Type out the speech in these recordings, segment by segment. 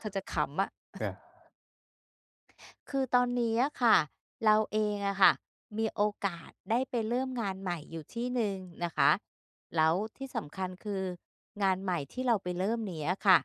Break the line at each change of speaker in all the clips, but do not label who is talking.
เธอจะขำอะ
อะ
คือตอนนี้อะค่ะ เราเองอะค่ะมีโอกาสได้ไปเริ่มงานใหม่อยู่ที่หนึ่งนะคะ แล้วที่สำคัญ คือ งานใหม่ที่เราไปเริ่มนี้อะค่ะ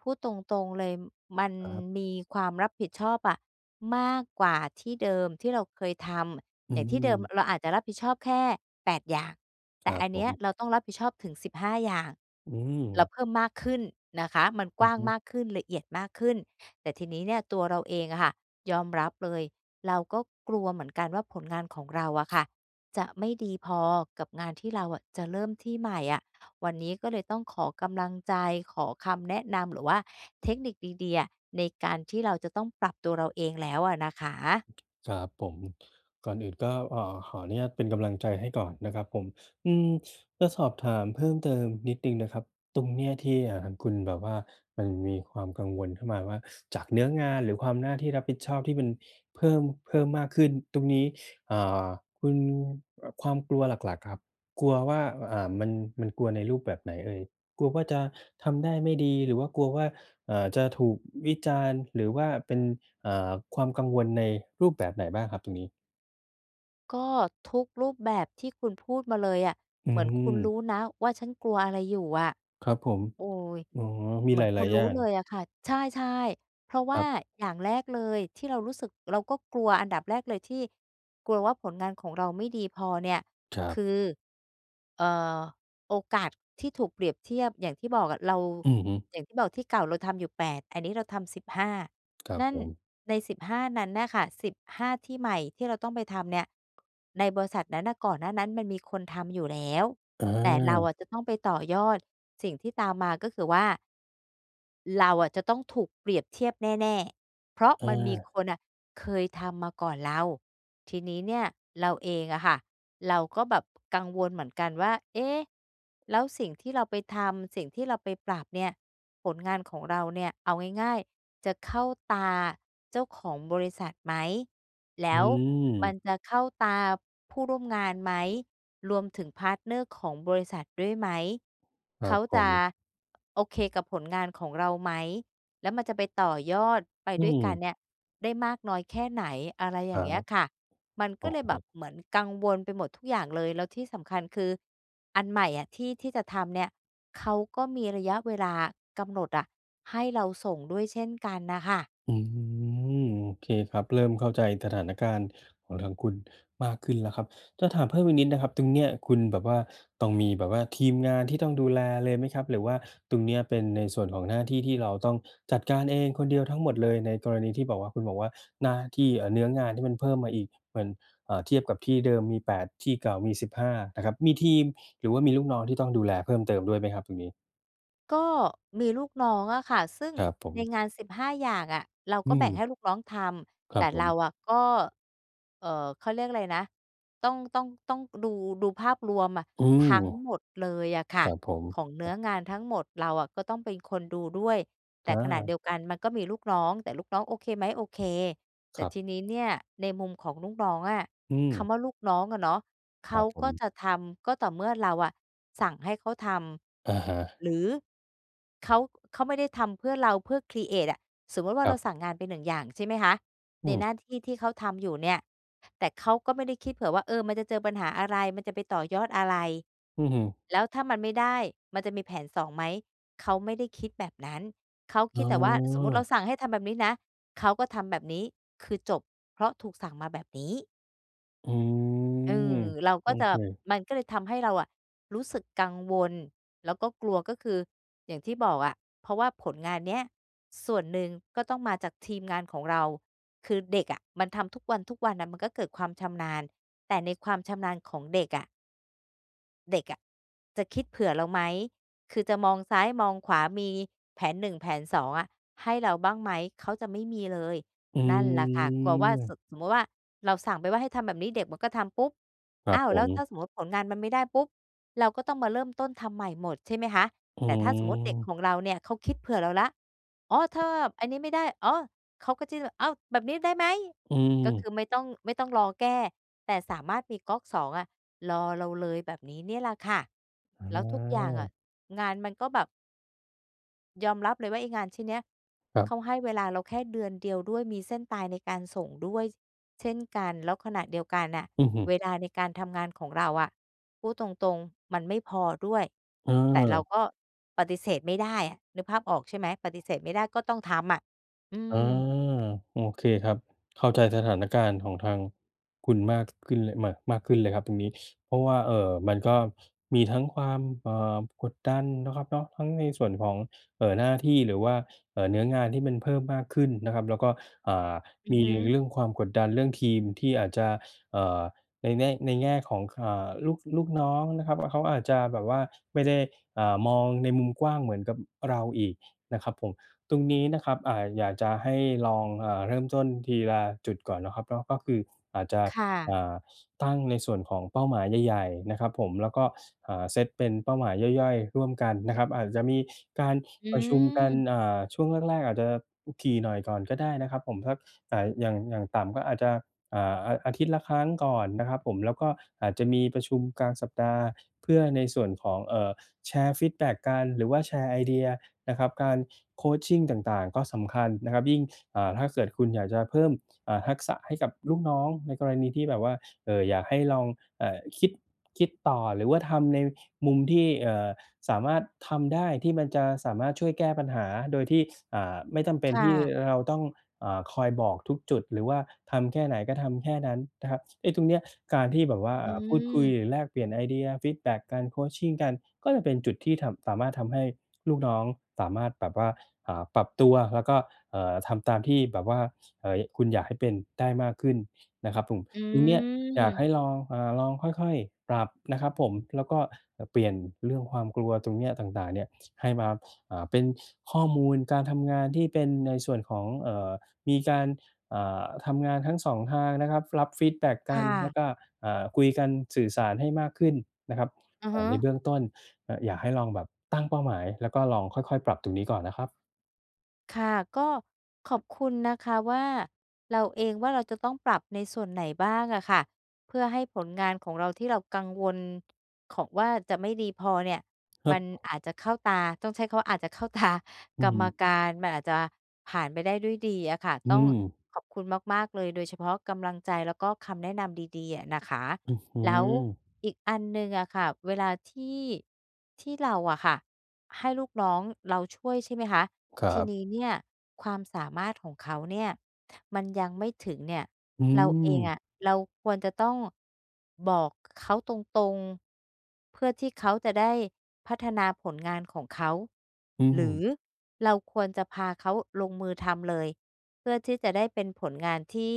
พูดตรง ๆ เลย มัน
อา ครับ
มีความรับผิดชอบอะมากกว่าที่เดิมที่เราเคยท
อ
ำ
ื
อย่างที่เดิม
ม
เราอาจจะรับผิดชอบแค่ 8 อย่าง แ
ค
ต่
รั
อ
บ
ัน
ผ
เนี้ย
ม
เราต้องรับผิดชอบถึง 15 อย่าง
อื
เรา
ม
เพิ่มมากขึ้นนะคะ มันก
อ
ว
ื
้
อ
าง
ฮึ
มากขึ้น ละเอียดมากขึ้น แต่ทีนี้เนี่ยตัวเราเองอะค่ะยอมรับเลย เราก็กลัวเหมือนกันว่า ผลงานของเราอะค่ะจะไม่ดีพอกับงานที่เราอะจะเริ่มที่ใหม่อะ วันนี้ก็เลยต้องขอกำลังใจ ขอคำแนะนำ หรือว่าเทคนิคดี ๆ อะ ในการที่เราจะต้องปรับตัวเราเองแล้วอะนะคะ
ครับผม ก่อนอื่นก็ เอ่อ ขออนุญาตเป็นกำลังใจให้ก่อนนะครับผม อืม จะสอบถามเพิ่มเติมนิดหนึ่งนะครับ ตรงเนี้ยที่ อ่า คุณแบบว่า มันมีความกังวลเข้ามาว่า จากเนื้องาน หรือความหน้าที่รับผิดชอบที่มันเพิ่ม เพิ่มมากขึ้นตรงนี้ อ่า คุณ อ ความกลัวหลัก ๆ ครับ กลัวว่า อ่า มัน มันกลัวในรูปแบบไหนเอ่ย? กลัวว่าจะทำได้ไม่ดี หรือว่ากลัวว่า อ่า จะถูกวิจารณ์ หรือว่าเป็น อ่า ความกังวลในรูปแบบไหนบ้างครับตรงนี้?
ก็ทุกรูปแบบที่คุณพูดมาเลยอะ
อื
เหมือนคุณร
ม
ู้นะว่าฉันกลัวอะไรอยู่อะ
ครับผม
โอ้
อ๋อ มี
เหมื
หล
อนคุ
า
ณ
ย ๆ
ร
อย
ู
่
้
าง
เลยอะค่ะ ใช่ ๆ เพราะว
ค
่
ร
า
ับ
อย่างแรกเลย ที่เรารู้สึก เราก็กลัว อันดับแรกเลยที่ กลัวว่าผลงานของเราไม่ดีพอเนี่ย
ครั
ค
บ
ือ เอ่อ โอกาสที่ถูกเปรียบเทียบ อย่างที่บอกอะ เรา
อือฮึ
อย่างที่บอกที่เก่าเราทำอยู่ 8 อันนี้เราทำ 15
ครั
น
บ
ั่
ผ
น
ม
ใน 15 นั้นน่ะค่ะ 15 ที่ใหม่ที่เราต้องไปทำเนี่ย ในบริษัทนั้นน่ะก่อนหน้านั้นมันมีคนทำอยู่แล้ว
อ
แต่เราอ
า
ะจะต้องไปต่อยอด สิ่งที่ตามมา ก็คือว่า เราอะจะต้องถูกเปรียบเทียบแน่ ๆ เพราะ
เ
มันมีค
ออ
นน่ะเคยทำมาก่อนเรา ทีนี้เนี่ยเราเองอะค่ะ เราก็แบบกังวลเหมือนกันว่า เอ๊ะ แล้วสิ่งที่เราไปทำ สิ่งที่เราไปปรับเนี่ย ผลงานของเราเนี่ย เอาง่าย ๆ จะเข้าตาเจ้าของบริษัทไหม แล
อ
้
ื
วมั
ม
นจะเข้าตาผู้ร่วมงานไหม รวมถึง พาร์ตเนอร์ ของบริษัทด้วยไหม
ค
เ
ร
ข
ั
า
บผ
จะ
ม
โอเคกับผลงานของเราไหม แล้วมันจะไปต่อยอดไป
อื
ด้วยกัน
ม
เนี่ยได้มากน้อยแค่ไหน อะไร
ค
อย่
รั
างเงี้ย
บ
ค่ะ มัน
โ
ก
อ
็
้
เล
โ
ยแบบ
ฮ
เหมือนกังวลไปหมดทุกอย่างเลย แล้วที่สำคัญคืออันใหม่อะที่ ที่จะทำเนี่ย เขาก็มีระยะเวลากำหนดอะให้เราส่งด้วยเช่นกันน่ะค่ะ
อืม โอเคครับ เริ่มเข้าใจสถานการณ์ของทางคุณมากขึ้นแล้วครับ จะถามเพิ่มอีกนิดนะครับ ตรงเนี้ยคุณแบบว่า ต้องมีแบบว่าทีมงานที่ต้องดูแลเลยไหมครับ หรือว่าตรงเนี้ยเป็นในส่วนของหน้าที่ที่เราต้องจัดการเองคนเดียวทั้งหมดเลย ในกรณีที่บอกว่า คุณบอกว่า หน้าที่ เอ่อ เนื้้องานที่มันเพิ่มมาอีก เหมือน อ่า เทียบกับที่เดิมมี 8 ที่เก่ามี 15 นะครับ มีทีมหรือว่ามีลูกน้องที่ต้องดูแลเพิ่มเติมด้วยไหมครับตรงนี้?
ก็มีลูกน้องอะค่ะ ซึ่ง
ครับผ
ใน
ม
งาน 15 อย่างอะ เรา
อ
ก
ื
็แบ่งใ
ม
ห้ลูกน้องท
ค
ำ แ
ร
ต
ั
่
บผ
เร
ม
าอะก็ เอ่อ เขาเรียกอะไรนะ ต้อง ต้อง ต้องดู ดูภาพรวมอะ
อืม
ทั้งหมดเลยอะค
ค
่ะ
รับผม
ของเนื้อ
อ
งานทั้งหมด เราอะก็ต้องเป็นคนดูด้วย แต่
อ
ขณะเด
า
ียวกันมันก็มีลูกน้อง แต่ลูกน้องโอเคไหม โอเค แต่
ครับ
ทีนี้เนี่ยในมุมของลูกน้องอะ
อื
ค
ม
ำว่าลูกน้องอะเนาะ เ
ค
ข
ร
า
ับผ
ก็
ม
จะทำก็ต่อเมื่อเราอะสั่งให้เขาท
อะฮ
ำ
ะ
หรือเขา เขาไม่ได้ทำเพื่อเราเพื่อ ครีเอต อะ สมมุติว่
ค
าเ
ร
ร
ั
า
บ
สั่งงานไป 1 อย่างใช่ไหมคะ
อ
ใ
ื
น
ม
หน้าที่ที่เขาทำอยู่เนี่ย แต่เขาก็ไม่ได้คิดเผื่อว่า เออ มันจะเจอปัญหาอะไร มันจะไปต่อยอดอะไร
อื้อฮือ
แล้วถ้ามันไม่ได้ มันจะมีแผน2 ไหม เขาไม่ได้คิดแบบนั้น เขา
อ
ค
๋
ิดแต่ว่าสมมุติเรา
อ
สั่งให้ทำแบบนี้นะ เขาก็ทำแบบนี้คือจบ เพราะถูกสั่งมาแบบนี้
อื
เอ
ม
อ เรา
โ
ก
อ
็จะ
เค
มันก็เลยทำให้เราอะรู้สึกกังวลแล้วก็กลัว ก็คืออย่างที่บอกอะ เพราะว่าผลงานเนี้ยส่วนหนึ่งก็ต้องมาจากทีมงานของเรา คือเด็กอะมันทำทุกวัน ๆ น่ะ มันก็เกิดความชำนาญ แต่ในความชำนาญของเด็กอะ เด็กอะจะคิดเผื่อเราไหม คือจะมองซ้ายมองขวา มีแผน 1 แผน 2 อะ ให้เราบ้างไหม เขาจะไม่มีเลย
อื
นั่นแหละค่ะ กลัวว่า ส
ม
ึ สมมติว่าเราสั่งไปว่าให้ทำแบบนี้ เด็กมันก็ทำ ปุ๊บ
คร
อ
ั
้
บ
าว
ผ
แล้วถ้
ม
าสมมติว่าผลงานมันไม่ได้ปุ๊บ เราก็ต้องมาเริ่มต้นทำใหม่หมด ใช่ไหมคะ
อื
แต่ถ้าสมมุติเด็กข
ม
องเราเนี่ย เขาคิดเผื่อเราแล้ว อ๋อ ถ้าแบบอันนี้ไม่ได้ อ้อ เขาก็จะ "อ้าว แบบนี้ได้ไหม?"
อื
ก็ค
ม
ือไม่ต้อง ไม่ต้องรอแก้ แต่สามารถมีก๊อก 2 อะรอเราเลย แบบนี้เนี่ยแหละค่ะ
อ๋
แล้วทุกอย่างอะ
อ
งานมันก็แบบ ยอมรับเลยว่าไอ้งานชิ้นเนี้ย
ครั
เข
บ
าให้เวลาเราแค่เดือนเดียวด้วย มีเส้นตายในการส่งด้วย ส เช่นกัน แล้วขณะเดียวกันน่ะ
อือฮึ
เวลาในการทำงานของเราอะ พูดตรง ๆ มันไม่พอด้วย
เ
แต่เรา
ออ
ก็ปฏิเสธไม่ได้อะ นึกภาพออกใช่ไหม ปฏิเสธไม่ได้ก็ต้องทำอะ อื
อา
ม
โอเคครับ เข้าใจสถานการณ์ของทางคุณมากขึ้นเลย มา มากขึ้นเลยครับตรงนี้ เพราะว่า เอ่อ มันก็มีทั้งความ เอ่อ กดดันเนาะครับเนาะ ทั้งในส่วนของ เอ่อ หน้าที่ หรือว่า เอ่อ เนื้องานที่มันเพิ่มมากขึ้นนะครับ แล้วก็ อ่า
อื
ม
อ
ี
ฮึ
เรื่องความกดดัน เรื่องทีมที่อาจจะ เอ่อ ในแน่ ในแง่ของ ค อ่า ลูก ลูกน้องนะครับ เขาอาจจะแบบว่าไม่ได้ อ่า มองในมุมกว้างเหมือนกับเราอีกนะครับผม ตรงนี้นะครับ อ่า อยากจะให้ลอง อ่า เริ่มต้นทีละจุดก่อนเนาะครับเนาะ ก็คืออาจจะ
ค่ะ
อ่า ตั้งในส่วนของเป้าหมายใหญ่ ๆ นะครับผม แล้วก็ อ่า เซ็ตเป็นเป้าหมายย่อย ๆ ร่วมกันนะครับ อาจจะมีการ
อื
ประชุมกัน
ม
อ่า ช่วงแรก ๆ อาจจะถี่หน่อยก่อนก็ได้นะครับผม สัก อ่า อย่าง อย่างต่ำก็อาจจะ อ่า อาทิตย์ละครั้งก่อนนะครับผม แล้วก็อาจจะมีประชุมกลางสัปดาห์เพื่อในส่วนของ เอ่อ แชร์ฟีดแบ็กกัน หรือว่าแชร์ไอเดียนะครับ การ Coaching ต่าง ๆ ก็สำคัญนะครับ ยิ่ง อ่า ถ้าเกิดคุณอยากจะเพิ่ม อ่า ทักษะให้กับลูกน้อง ในกรณีที่แบบว่า เอ่อ อยากให้ลอง เอ่อ คิด คิดต่อหรือว่าทำในมุมที่ เอ่อ สามารถทำได้ ที่มันจะสามารถช่วยแก้ปัญหาโดยที่ อ่า ไม่จำเป็
ค
น
่
ที่
ะ
เราต้อง อ่า คอยบอกทุกจุด หรือว่าทำแค่ไหนก็ทำแค่นั้นนะครับ ไอ้ตรงเนี้ยการที่แบบว่า
อ
อ่า พูดคุย
ืม
หรือแลกเปลี่ยนไอเดีย ฟีดแบ็กกัน Coaching กันก็จะเป็นจุดที่ทำ สามารถทำให้ลูกน้องสามารถแบบว่า อ่า ปรับตัวแล้วก็ เอ่อ ทำตามที่แบบว่า เฮ้ย คุณอยากให้เป็นได้มากขึ้นนะครับผม
อ
ตรงเนี้ยอยาก
ื
ใ
ม
ห้ลอง อ่า ลองค่อย ๆ ปรับนะครับผม แล้วก็ อ เปลี่ยนเรื่องความกลัวตรงเนี้ยต่าง ๆ เนี่ย ให้มา อ่า เป็นข้อมูลการทำงานที่เป็นในส่วนของ เอ่อ มีการ อ่า ทำงานทั้ง 2 ทางนะครับ รับฟีดแบ็ก
ค
กั
่
นแล
ะ
้วก็ อ่า คุยกันสื่อสารให้มากขึ้นนะครับ
อะ
เอ่
ฮ
อ ใน
ะ
เบื้องต้น อ อยากให้ลองแบบตั้งเป้าหมาย แล้วก็ลองค่อย ๆ ปรับตรงนี้ก่อนนะครับ
ค่ะ ก็ขอบคุณนะคะว่า เราเองว่าเราจะต้องปรับในส่วนไหนบ้างอะค่ะ เพื่อให้ผลงานของเราที่เรากังวล ขอ ว่าจะไม่ดีพอเนี่ย
คร
ม
ั
ั
บ
นอาจจะเข้าตา ต้องใช้คำว่า อาจจะเข้าตา
อื
ก
อ
ร
ฮ
ร
ึ
มการ มันอาจจะผ่านไปได้ด้วยดีอะค่ะ
อื
ต้อง
ม
ขอบคุณมาก ๆ เลย โดยเฉพาะกำลังใจแล้วก็คำแนะนำดี ๆ อะนะคะ
อือฮึ
แล้วอีกอันหนึ่งอะค่ะ เวลาที่ ที่เราอะค่ะให้ลูกน้องเราช่วยใช่ไหมคะ
คร
ท
ั
ี
บ
นี้เนี่ยความสามารถของเขาเนี่ยมันยังไม่ถึงเนี่ย
อื
เราเองอ
ม
ะเราควรจะต้องบอกเขาตรง ๆ เพื่อที่เขาจะได้พัฒนาผลงานของเขา
อื
หรือ
ม
เราควรจะพาเขาลงมือทำเลย เพื่อที่จะได้เป็นผลงานที่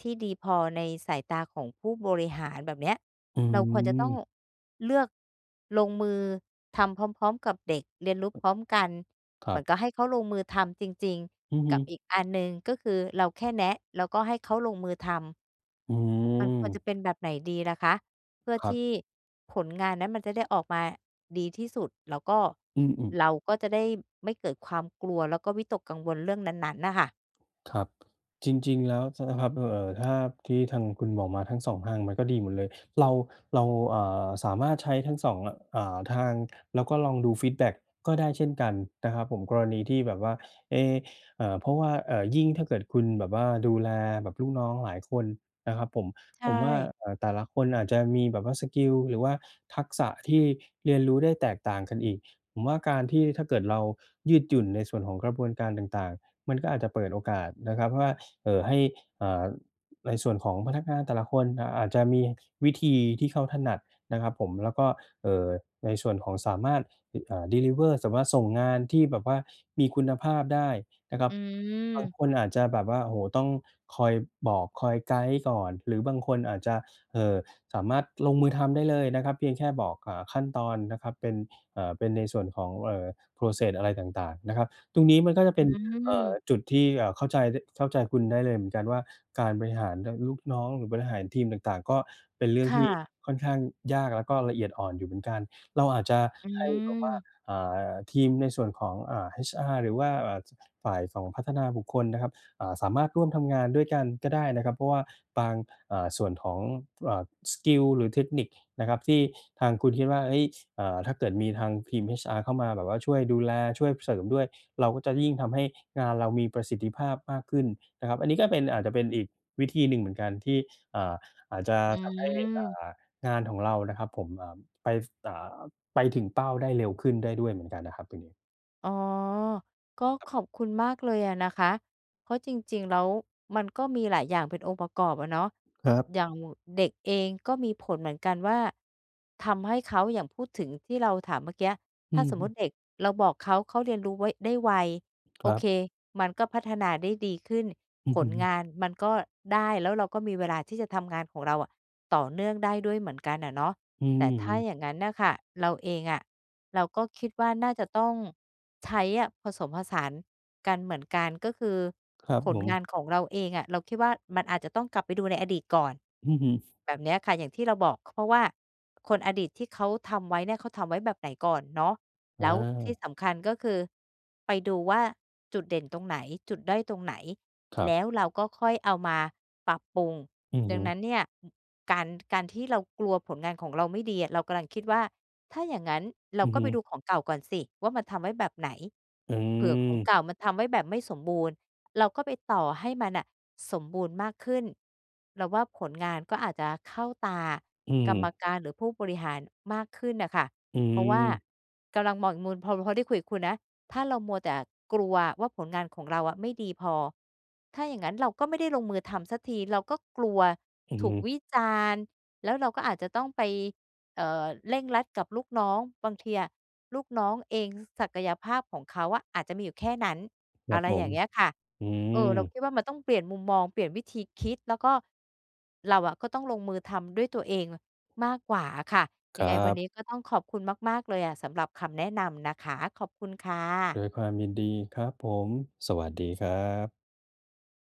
ที่ดีพอในสายตาของผู้บริหาร แบบเนี้ย
อื
เราควรจะต้อง
ม
เลือกลงมือทำพร้อม ๆ กับเด็ก เรียนรู้พร้อมกัน
ค
เ
ร
หม
ั
ือ
บ
นกับให้เขาลงมือทำจริง
อือ
ๆ
ฮ
กั
ึ
บอีกอันหนึ่ง ก็คือเราแค่แนะแล้วก็ให้เขาลงมือทำ
อื
มันควรจะ
ม
เป็นแบบไหนดีล่ะคะ? เพื่อ
ครั
ท
บ
ี่ผลงานนั้นมันจะได้ออกมาดีที่สุด แล้วก็
อืม ๆ
เราก็จะได้ไม่เกิดความกลัว แล้วก็วิตกกังวลเรื่องนั้น ๆ น่ะค่ะ
ครับ จริง ๆ แล้ว ช นะครับ เอ่อ ถ้า ที่ทางคุณบอกมาทั้ง 2 ทางมันก็ดีหมดเลย เรา เรา อ่า สามารถใช้ทั้ง 2 อ่า ทาง แล้วก็ลองดูฟีดแบ็กก็ได้เช่นกันนะครับผม กรณีที่แบบว่า เอ๊ะ อ่า เพราะว่า อ่า ยิ่งถ้าเกิดคุณแบบว่าดูแลแบบลูกน้องหลายคนนะครับผม
ใช
ผมว่า
่
อ่า แต่ละคนอาจจะมีแบบว่าสกิล หรือว่าทักษะที่เรียนรู้ได้แตกต่างกันอีก ผมว่าการที่ถ้าเกิดเรายืดหยุ่นในส่วนของกระบวนการต่าง ๆ มันก็อาจจะเปิดโอกาสนะครับว่า เอ่อ ให้ อ่า ในส่วนของพนักงานแต่ละคน อ่า อาจจะมีวิธีที่เขาถนัดนะครับผม แล้วก็ เอ่อ ในส่วนของสามารถ อ่า deliver สามารถส่งงานที่แบบว่ามีคุณภาพได้นะครั
อื
บ บาง
ม
คนอาจจะแบบว่า โอ้โฮ ต้องคอยบอกคอยไกด์ก่อน หรือบางคนอาจจะ เอ่อ สามารถลงมือทำได้เลยนะครับ เพียงแค่บอก อ่า ขั้นตอนนะครับ เป็น อ่า เป็นในส่วนของ เอ่อ Process อะไรต่าง ๆ นะครับ ตรงนี้มันก็จะ
อ
เป
ื
็น อ่
ม
า จุดที่ อ่า เข้าใจ ด เข้าใจคุณได้เลยเหมือนกันว่า การบริหาร น ลูกน้อง หรือบริหารทีมต่าง ๆ ก็เป็นเรื่อ
ค
งท
่
ี่
ะ
ค่อนข้างยาก และก็ละเอียดอ่อนอยู่เหมือนกัน เราอาจจะ
อื
ให้แบบว่า
ม
อ่า ทีมในส่วนของ อ่า HR หรือว่า อ่า ฝ่ายของพัฒนาบุคคลนะครับ อ่า สามารถร่วมทำงานด้วยกันก็ได้นะครับ เพราะว่าบาง อ่า ส่วนของ อ่า สกิล หรือเทคนิคนะครับ ที่ทางคุณคิดว่า เฮ้ย อ่า ถ้าเกิดมีทางทีม HR เข้ามาแบบว่าช่วยดูแล ช่วยเสริมด้วย เราก็จะยิ่งทำให้งานเรามีประสิทธิภาพมากขึ้นนะครับ อันนี้ก็เป็น อาจจะเป็นอีกวิธีหนึ่งเหมือนกันที่ อ่า อาจจะ
อื
ทำให้ อ่
ม
า งานของเรานะครับผม อ่า ไป ฟ อ่า ไปถึงเป้าได้เร็วขึ้นได้ด้วยเหมือนกันนะครับตรงนี้
อ๋อ ก็
ครับ
ขอบคุณมากเลยอะนะคะ เพราะจริง ๆ แล้วมันก็มีหลายอย่างเป็นองค์ประกอบอะเนาะ
ครับ
อย่างเด็กเองก็มีผลเหมือนกันว่า ทำให้เขา อย่างพูดถึงที่เราถามเมื่อกี้
อ
ถ
ื
้าสมมุต
ม
ิเด็กเราบอกเขา เขาเรียนรู้ไว้ ได้ไว
ค
โอ
รั
เ
บ
ค มันก็พัฒนาได้ดีขึ้น
อือ
ผ
ฮ
ลง
ึ
านมันก็ได้ แล้วเราก็มีเวลาที่จะทำงานของเราอะต่อเนื่องได้ด้วยเหมือนกันอะเนาะ
อื
แต่ถ้า
ม
อย่างนั้นน่ะค่ะ เราเองอะ เราก็คิดว่าน่าจะต้องใช้อะผสมผสานกันเหมือนกัน ก็คือ
ครับ
ผ
ผ
ลงา
ม
นของเราเองอะ เราคิดว่ามันอาจจะต้องกลับไปดูในอดีตก่อน
อือฮึ
แบบเนี้ยค่ะ อย่างที่เราบอก ค เพราะว่าคน อดีตที่เขาทำไว้เนี่ยเขาทำไว้แบบไหนก่อนเนาะ แ
อ
ล้วที่
า
สำคัญก็คือไปดูว่าจุดเด่นตรงไหน จุดด้อยตรงไหน
ครั
แล
บ
้วเราก็ค่อยเอามาปรับปรุง
อือ
ด
ฮ
ั
ึ
งนั้นเนี่ย อ การ การที่เรากลัวผลงานของเราไม่ดีอะ เรากำลังคิดว่า "ถ้าอย่างนั้นเรา
อือ
ก็
ฮ
ไ
ึ
ปดูของเก่าก่อนสิว่ามันทำไว้แบบไหน"
อื
เผื่อของเ
ม
ก่ามันทำไว้แบบไม่สมบูรณ์ เราก็ไปต่อให้มันน่ะสมบูรณ์มากขึ้น เราว่าผลงานก็อาจจะเข้าตาก
อื
กรรม
ม
การหรือผู้บริหารมากขึ้นน่ะค่ะ
อื
เพราะว่า
ม
กำลังมองอีกมุม พอ พอได้คุยกับคุณนะ ถ้าเรามัวแต่กลัวว่าผลงานของเราอะไม่ดีพอ ถ้าอย่างงั้นเราก็ไม่ได้ลงมือทำสักที เราก็กลัว
อือ
ถ
ฮ
ูก
ึ
วิจารณ์ แล้วเราก็อาจจะต้องไป เอ่อ เร่งรัดกับลูกน้อง บางทีอะลูกน้องเอง ศ ศักยภาพของเขาอะอาจจะมีอยู่แค่นั้น
คร
อ
ั
ะ
บ
ไร
ผ
อย่
ม
างเงี้ยค่ะ
อื
เออ เรา
ม
คิดว่ามันต้องเปลี่ยนมุมมอง เปลี่ยนวิธีคิด แล้วก็ เราอะก็ต้องลงมือทำด้วยตัวเองมากกว่าอะค่ะ
ค
ยัง
ร
ไ
ั
งวันน
บ
ี้ก็ต้องขอบคุณมาก ๆ เลยอะ สำหรับคำแนะนำนะคะ ขอบคุณค่
โด
ะ
ยความยินดีครับผม สวัสดีครับ